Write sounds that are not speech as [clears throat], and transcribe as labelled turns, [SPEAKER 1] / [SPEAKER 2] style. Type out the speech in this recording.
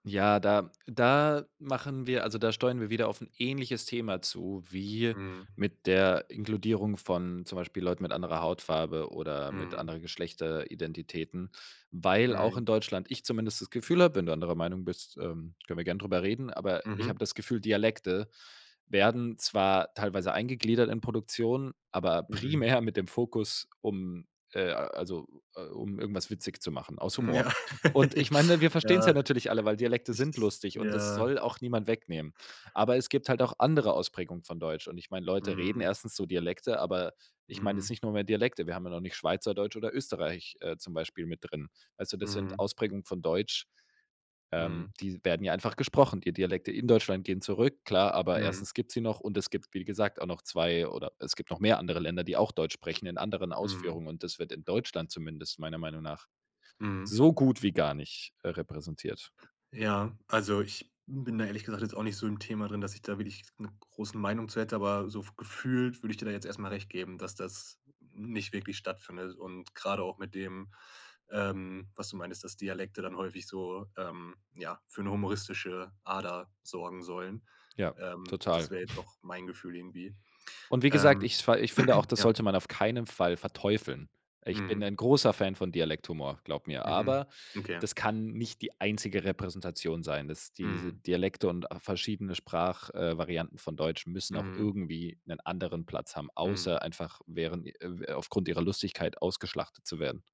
[SPEAKER 1] Ja, da da machen wir also, da steuern wir wieder auf 'n ähnliches Thema zu wie
[SPEAKER 2] Mhm.
[SPEAKER 1] mit der Inkludierung von zum Beispiel Leuten mit anderer Hautfarbe oder mit
[SPEAKER 2] Mhm.
[SPEAKER 1] anderen Geschlechteridentitäten, weil auch
[SPEAKER 2] Mhm.
[SPEAKER 1] in Deutschland ich zumindest das Gefühl hab- wenn du anderer Meinung bist, ähm, können wir gern drüber reden- aber ich hab
[SPEAKER 2] Mhm.
[SPEAKER 1] das Gefühl, Dialekte werden zwar teilweise eingegliedert in Produktionen, aber
[SPEAKER 2] Mhm.
[SPEAKER 1] primär mit dem Fokus, um, äh also, äh, um irgendwas witzig zu machen aus Humor.
[SPEAKER 2] Ja.
[SPEAKER 1] Und ich
[SPEAKER 2] [laughs]
[SPEAKER 1] meine, wir verstehen's ja
[SPEAKER 2] Ja.
[SPEAKER 1] natürlich alle, weil Dialekte
[SPEAKER 2] Ich
[SPEAKER 1] sind
[SPEAKER 2] s
[SPEAKER 1] lustig, und das
[SPEAKER 2] ja.
[SPEAKER 1] soll auch niemand wegnehmen. Aber es gibt halt auch andere Ausprägungen von Deutsch, und ich meine, Leute reden
[SPEAKER 2] Mhm.
[SPEAKER 1] erstens so Dialekte, aber ich meine jetzt
[SPEAKER 2] Mhm.
[SPEAKER 1] nicht nur mehr Dialekte. Wir haben ja noch nicht Schweizerdeutsch oder Österreich, äh, zum Beispiel mit drin. Weißt du, das sind
[SPEAKER 2] Mhm.
[SPEAKER 1] Ausprägungen von Deutsch,
[SPEAKER 2] Mhm.
[SPEAKER 1] ähm, die werden ja einfach gesprochen. Die Dialekte in Deutschland gehen zurück, klar, aber
[SPEAKER 2] Mhm.
[SPEAKER 1] erstens gibt's sie noch, und es gibt, wie gesagt, auch noch 2 oder es gibt noch mehr andere Länder, die auch Deutsch sprechen in anderen
[SPEAKER 2] Mhm.
[SPEAKER 1] Ausführungen, und das wird in Deutschland zumindest meiner Meinung nach
[SPEAKER 2] Mhm.
[SPEAKER 1] so gut wie gar nicht, äh, repräsentiert.
[SPEAKER 2] Ja, also ich bin da ehrlich gesagt jetzt auch nicht so im Thema drin, dass ich da wirklich 'ne große Meinung zu hätte, aber so f gefühlt würde ich dir da jetzt erst mal recht geben, dass das nicht wirklich stattfindet und gerade auch mit dem, ähm, was du meintest, dass Dialekte dann häufig so, ähm, ja, für 'ne humoristische Ader sorgen sollen.
[SPEAKER 1] Ja,
[SPEAKER 2] Ähm,
[SPEAKER 1] total.
[SPEAKER 2] das wäre jetzt
[SPEAKER 1] [chuckles]
[SPEAKER 2] auch mein Gefühl irgendwie.
[SPEAKER 1] Und wie gesagt,
[SPEAKER 2] Ähm,
[SPEAKER 1] ich s fa ich finde auch,
[SPEAKER 2] [clears throat]
[SPEAKER 1] das
[SPEAKER 2] ja
[SPEAKER 1] sollte man auf keinen Fall verteufeln. Ich bin
[SPEAKER 2] Mhm.
[SPEAKER 1] ein großer Fan von Dialekt-Humor, glaub mir,
[SPEAKER 2] Mhm,
[SPEAKER 1] aber
[SPEAKER 2] okay.
[SPEAKER 1] das kann nicht die einzige Repräsentation sein, dass diese
[SPEAKER 2] Mhm.
[SPEAKER 1] Dialekte und a verschiedene Sprach äh, Varianten von Deutsch müssen auch
[SPEAKER 2] Mhm.
[SPEAKER 1] irgendwie 'nen anderen Platz haben,
[SPEAKER 2] Mhm.
[SPEAKER 1] außer einfach während i äh, aufgrund ihrer Lustigkeit ausgeschlachtet zu werden.